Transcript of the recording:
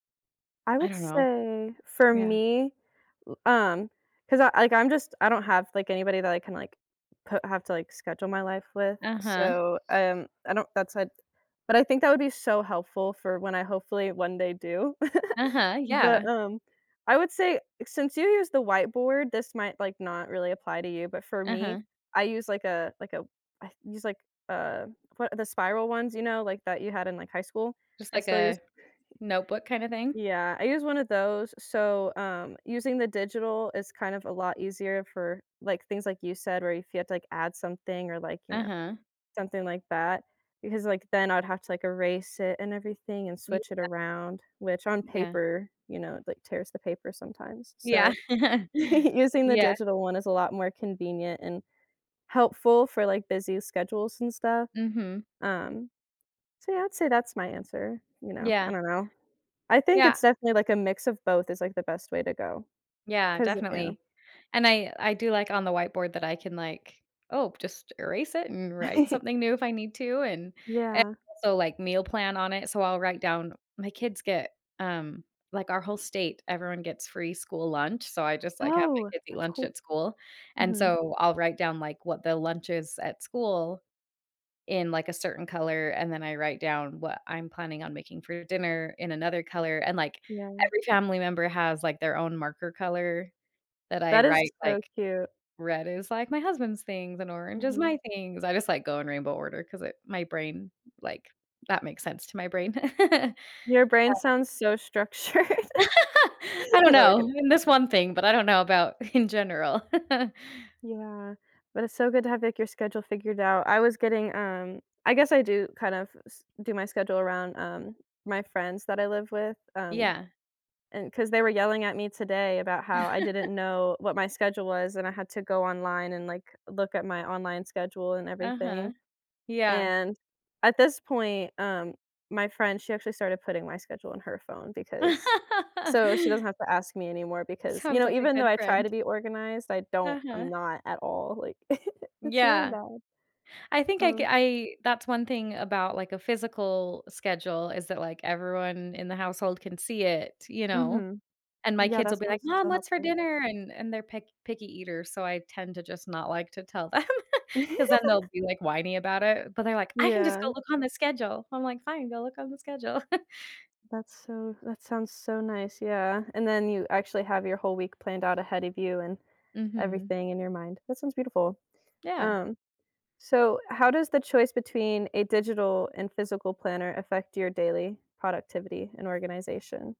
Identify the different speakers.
Speaker 1: I
Speaker 2: I
Speaker 1: would
Speaker 2: don't know.
Speaker 1: say for
Speaker 2: Yeah.
Speaker 1: me, l um 'cause I like, I'm just I don't have like anybody that I can, like, coo have to like schedule my life with,
Speaker 2: Uh-huh.
Speaker 1: so, um, I don't that said but I think that would be so helpful for when I hopefully one day do.
Speaker 2: Uh-huh,
Speaker 1: But,
Speaker 2: yeah.
Speaker 1: um, I would say since you use the whiteboard this might like not really apply to you but for me,
Speaker 2: Uh-huh.
Speaker 1: I use, like, a like, a I use, like, uh, what the spiral ones, you know, like, that you had in, like, high school.
Speaker 2: Just
Speaker 1: I
Speaker 2: like
Speaker 1: still use
Speaker 2: a notebook kinda thing?
Speaker 1: Yeah, I use one of those, so, um, using the digital is kind of a lot easier for, like, things like you said, where if you have to, like, add something or, like, you know,
Speaker 2: Uh-huh.
Speaker 1: something like that because, like, then I would have to, like, erase it and everything and
Speaker 2: Yeah.
Speaker 1: switch it around, which on
Speaker 2: Yeah.
Speaker 1: paper, you know, like, tears the paper sometimes,
Speaker 2: Yeah.
Speaker 1: so, using the
Speaker 2: Yeah.
Speaker 1: digital one is a lot more convenient and helpful for like, busy schedules and stuff.
Speaker 2: Mhm.
Speaker 1: Um, so, yeah, I'd say that's my answer, you know? I
Speaker 2: Yeah.
Speaker 1: don't know, I think
Speaker 2: Yeah.
Speaker 1: it's definitely like a mix of both is, like, the best way to go,
Speaker 2: Yeah,
Speaker 1: 'cause yeah.
Speaker 2: definitely, and I I do like on the whiteboard that I can, like, oh, just erase it and write something new if I need to, and, eh
Speaker 1: Yeah.
Speaker 2: so, like, meal plan on it, so I'll write down my kids get, um, like, our whole state, everyone gets free school lunch, so I just, like, have my
Speaker 1: Oh,
Speaker 2: kids eat
Speaker 1: that's
Speaker 2: lunch
Speaker 1: cool.
Speaker 2: at school, and
Speaker 1: Mhm.
Speaker 2: so I'll write down, like, what the lunch is at school, in, like, a certain color, and then I write down what I'm planning on making for dinner in another color, and, like,
Speaker 1: Yeah.
Speaker 2: every family member has, like, their own marker color that I
Speaker 1: That is
Speaker 2: write,
Speaker 1: so
Speaker 2: like,
Speaker 1: cute.
Speaker 2: red is, like, my husband's things and orange is
Speaker 1: Mhm.
Speaker 2: my things, I just, like, go in rainbow order 'cause it my brain, like that makes sense to my brain. Um
Speaker 1: Your brain sounds so structured. I
Speaker 2: I don't
Speaker 1: know we're
Speaker 2: know,
Speaker 1: gonna
Speaker 2: in this one thing, but I don't know about in general.
Speaker 1: Yeah. But it's so good to have, like, your schedule figured out. I was getting, um, I guess I do kind of s do my schedule around, um, my friends that I live with, um,
Speaker 2: Yeah.
Speaker 1: and 'cause they were yelling at me today about how I didn't know what my schedule was, and I had to go online and, like, look at my online schedule and
Speaker 2: Uh-huh,
Speaker 1: everything
Speaker 2: yeah.
Speaker 1: and at this point, um, my friend, she actually started putting my schedule on her phone because so she doesn't have to ask me anymore because you
Speaker 2: Sounds
Speaker 1: know,
Speaker 2: like a
Speaker 1: even though
Speaker 2: good
Speaker 1: I try to
Speaker 2: friend.
Speaker 1: be organized, I don't I'm
Speaker 2: Uh-huh.
Speaker 1: not at all, like, it's really
Speaker 2: Yeah.
Speaker 1: bad.
Speaker 2: I think I c
Speaker 1: Um
Speaker 2: I, that's one thing about, like, a physical schedule, is that, like, everyone in the household can see it, you know?
Speaker 1: Mhm.
Speaker 2: And my
Speaker 1: Yeah,
Speaker 2: kids
Speaker 1: that
Speaker 2: will be like,
Speaker 1: sounds
Speaker 2: "Mom,
Speaker 1: so
Speaker 2: what's for
Speaker 1: helpful.
Speaker 2: dinner?" And and they're pick picky eaters, so I tend to just not like to tell them, 'cause then they'll be, like, whiny about it, but they're like, "I can just
Speaker 1: Yeah.
Speaker 2: go look on the schedule." I'm like, "Fine, go look on the schedule."
Speaker 1: That's so that sounds so nice, yeah, and then you actually have your whole week planned out ahead of you and
Speaker 2: Mhm.
Speaker 1: everything in your mind. That sounds beautiful.
Speaker 2: Yeah.
Speaker 1: Um, so, how does the choice between a digital and physical planner affect your daily productivity and organization?